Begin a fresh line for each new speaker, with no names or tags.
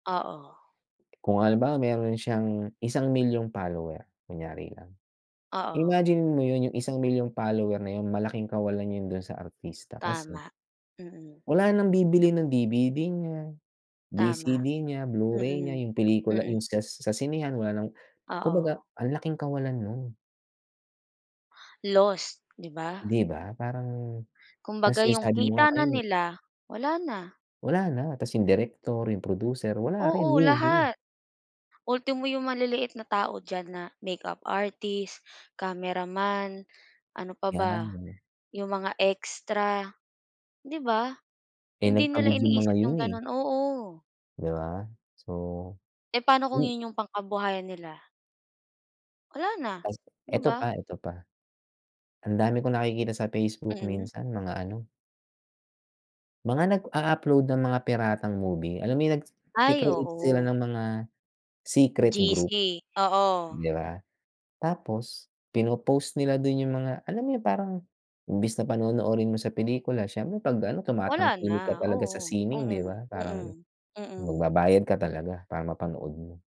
Oo
Kung halimbawa meron siyang, isang milyong follower, kunyari lang.
Oo.
Imagine mo yun yung isang milyong follower na yung malaking kawalan yun dun sa artista kasi
Tama, mm.
wala nang bibili ng DVD niya,
Tama,
VCD niya, Blu-ray niya,
mm,
yung pelikula yung
mm.
sas sa sinehan wala nang kumbaga
Oo.
ang laking kawalan nun.
Loss, 'di ba?
'Di ba parang tas
Kumbaga
yung
yung
sabi mo nga
kita na
kanina
nila, wala na.
Wala na, tas yung direktor, yung producer wala rin,
Oo,
lugi.
lahat. Ultimo yung maliliit na tao diyan na makeup artist, cameraman, ano pa ba?
'Yan.
Yung mga extra, 'di ba?
Eh,
Hindi nila
nagpagod yung mga
iniisip yung
yun, eh.
ganun oo.
'Di ba? So
Eh, paano kung
mm.
yun yung pangkabuhayan nila? Wala na,
Tas,
'di
eto pa,
ba?
eto pa. Ang dami kong nakikita sa Facebook
Mm.
minsan, mga ano mga nag-a-upload ng mga piratang movie, alam mo yung
Ay,
nagke-create sila
oo.
ng mga secret group
GC, oo.
'di ba? Tapos pinopost nila dun yung mga alam mo yung parang imbes na panonoorin mo sa pelikula, siyempre pag ano
Wala
tumatangik ka
na,
talaga sa
oo,
sining 'di
mm,
ba?
mm,
Parang
mm.
magbabayad ka talaga para mapanood mo.